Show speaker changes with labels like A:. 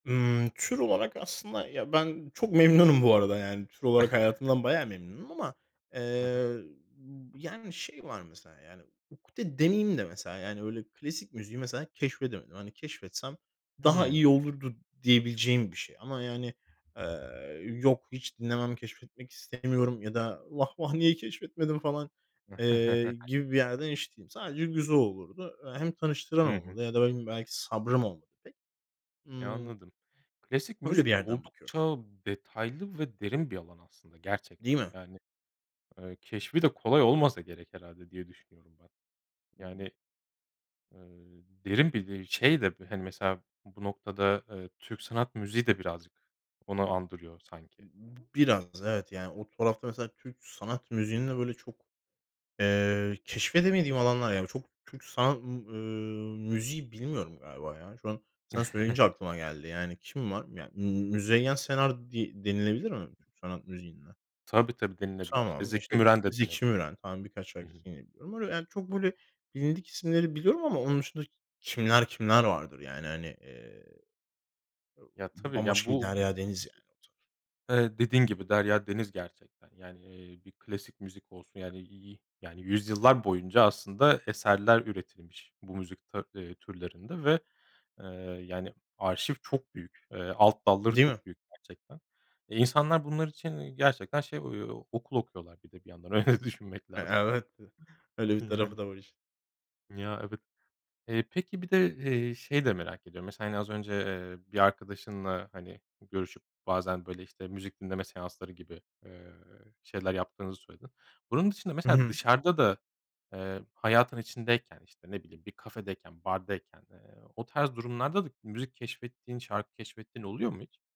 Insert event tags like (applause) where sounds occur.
A: Imm, tür olarak aslında ya, ben çok memnunum bu arada yani. Tür olarak hayatımdan bayağı
B: (chuckles)
A: memnunum ama,
B: Hı hı.
A: eee, b yani şey var mesela yani ukde demeyeyim de mesela yani öyle klasik müziği mesela keşfedemedim. Hani keşfetsem daha
B: Hıı.
A: iyi olurdu diyebileceğim bir şey. Ama yani, eee, "Yok hiç dinlemem, keşfetmek istemiyorum." ya da "Vah, vah! Niye keşfetmedim?" falan, eee, gibi bir
B: (chuckles)
A: yerde n hiç değilim. Sadece güzel olurdu. Eee, hem tanıştıran
B: Hı hı.
A: olmadı ya da ne bileyim belki sabrım olmadı pek.
B: E,
A: Imm
B: anladım. Klasik
A: öyle bir
B: müzik de
A: yerden bakıyorum.
B: oldukça detaylı ve derin bir alan aslında
A: Değil
B: gerçekten.
A: mi?
B: Yani, eee, keşfi de kolay olmasa gerek herhâlde diye düşünüyorum ben. Yani, eee, derin bir de şey de hani, mesela, bu noktada, eee, Türk sanat müziği de birazcık onu andırıyor sanki.
A: B b biraz, evet. Yani o tarafta mesela Türk sanat müziğinde böyle çok, eee, keşfedemediğim alanlar yani b çok Türk sanat, ımm, ııı, müziği bilmiyorum galiba ya. Şu an sana söyleyince
B: (chuckles)
A: aklıma geldi yani kim var? Ya, ımm, Müzeyyen Senar di denilebilir mi Türk sanat müziğinde?
B: Tabii, tabii, denilebilir. İşte,
A: Tamam,
B: Zeki
A: işte,
B: Müren de
A: Zeki
B: denebilir.
A: Müren falan birkaç
B: Hı hı.
A: şarkısı yine biliyorum. Öyle, yani, çok böyle bilindik isimleri biliyorum ama onun dışında k kimler kimler vardır, yani, hani. Eee,
B: Ya,
A: b
B: tabii, ya,
A: bambaşka bir
B: bu
A: derya deniz, yani, o taraf.
B: ı eee, dediğin gibi derya deniz gerçekten. Yani, eee, bir klasik müzik olsun yani, i i yani yüzyıllar boyunca aslında eserler üretilmiş bu müzik ta eee, türlerinde ve, eee, yani arşiv çok büyük, eee, alt dalları
A: Değil mi?
B: çok büyük gerçekten. E, insanlar bunlar için iii gerçekten şey o okul okuyorlar bir de bir yandan öyle düşünmek
A: E
B: lazım.
A: evet, (giggles) öyle
B: E,
A: bir
B: yani.
A: tarafı da var işin.
B: Ya, evet. Eee, peki bir de, eee, şeyi de merak ediyorum. Mesela yani az önce, eee, bir arkadaşınla hani görüşüp bazen böyle, işte, müzik dinleme seansları gibi, eee, şeyler yaptığınızı söyledin. Bunun dışında
A: Hı
B: mesela
A: hı.
B: dışarıda da, eee, hayatın içindeyken, işte, ne bileyim bir kafedeyken, bardayken, eee, o tarz durumlarda da müzik keşfettiğin şarkı keşfettiğin oluyor mu hiç?